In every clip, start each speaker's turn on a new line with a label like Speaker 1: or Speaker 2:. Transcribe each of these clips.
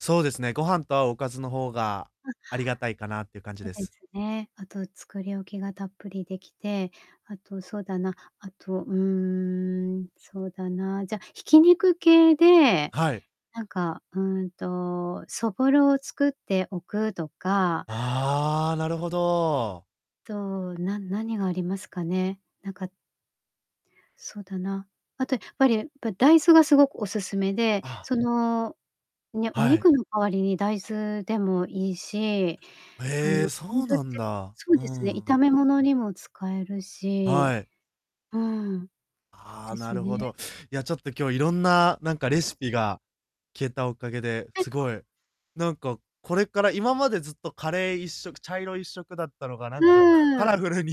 Speaker 1: そうですね。ご飯と合うおかずの方が
Speaker 2: あ。
Speaker 1: ありがたいかなっていう感じ
Speaker 2: そで
Speaker 1: です。
Speaker 2: すね。あと、作り置きがたっぷりできて、あと、そうだな、あと、うーん、そうだな、じゃ、挽き肉系で
Speaker 1: はい。
Speaker 2: なんか、うんと、そぼろを作っておくとか
Speaker 1: ああ、なるほど。
Speaker 2: と、な何がありますかね、なんかそうだな。あとやっぱり、ぱ大豆がすごくお勧めで、
Speaker 1: あ。
Speaker 2: その、ね、お
Speaker 1: はい。
Speaker 2: 肉の代わりに大豆でもいいし、あ
Speaker 1: ええ、
Speaker 2: の、
Speaker 1: そ
Speaker 2: お
Speaker 1: う
Speaker 2: 水っ
Speaker 1: な
Speaker 2: て、
Speaker 1: んだ。
Speaker 2: そう
Speaker 1: う
Speaker 2: ですね、
Speaker 1: んう
Speaker 2: 炒
Speaker 1: ん。
Speaker 2: め物にも使えるし、
Speaker 1: はい。
Speaker 2: うーん、そ
Speaker 1: ああ、
Speaker 2: で
Speaker 1: な
Speaker 2: す
Speaker 1: るほ
Speaker 2: ね。
Speaker 1: ど。いや、ちょっと今日いろんな、なんかレシピが聞えたおかげで、
Speaker 2: え。
Speaker 1: すごい、なんかこれから、今までずっとカレー一色、茶色一色だったのが、な
Speaker 2: ふ
Speaker 1: んか、かカ
Speaker 2: ー
Speaker 1: ラ
Speaker 2: ん。
Speaker 1: フルに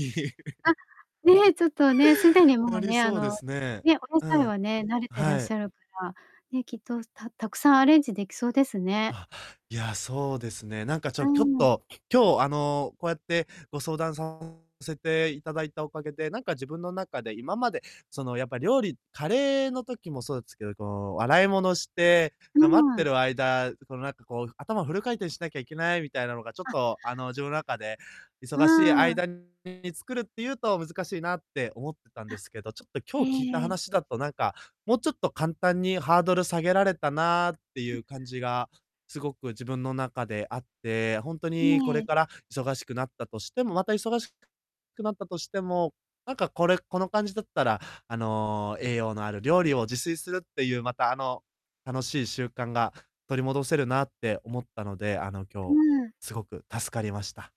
Speaker 2: あ、ね、ちょっとね、すでに、
Speaker 1: な
Speaker 2: もう
Speaker 1: り
Speaker 2: ね、あ
Speaker 1: そうで
Speaker 2: の、
Speaker 1: すね。
Speaker 2: ね、お野
Speaker 1: う
Speaker 2: 菜
Speaker 1: ん。
Speaker 2: はね、慣れてらっ
Speaker 1: は
Speaker 2: し
Speaker 1: い。
Speaker 2: ゃるから、ね、きっと、すたたくさんアレンジできそうですね。
Speaker 1: あ、いや、そうですね。なんかち
Speaker 2: う
Speaker 1: ょきょっ
Speaker 2: ん。
Speaker 1: と、今日、あの、こうやってご相談させていただいたおかげで、なんか自分の中で、今までその、やっぱ料理カレーの時もそうすけど、こう洗い物して、
Speaker 2: う
Speaker 1: な待って
Speaker 2: ん。
Speaker 1: る間、このなんかこう、頭フル回転しなきゃいけないみたいなのが、ちょっ
Speaker 2: あ。
Speaker 1: と、あの、自分の中で、
Speaker 2: う
Speaker 1: 忙しい
Speaker 2: ーん。
Speaker 1: 間に作るっていうと難しいなって思ってたんで
Speaker 2: あ、
Speaker 1: すけど、ちょっと、
Speaker 2: え
Speaker 1: 今日聞いた
Speaker 2: えええ。
Speaker 1: 話だと、なんか、もうちょっと簡単に、ハードル下げられたなってい
Speaker 2: あ。
Speaker 1: う感じがすごく自分の中であって、ほんとに、これ
Speaker 2: ね。
Speaker 1: から忙しくなったとしても、また忙しくくなったとしても、なんかこれ、この感じだったら、あの、栄養のある料理を自炊するっていう、また、あの、楽しい習慣が取り戻せるなって思ったので、あの、
Speaker 2: う
Speaker 1: 今日
Speaker 2: ん。
Speaker 1: すごく助かりました。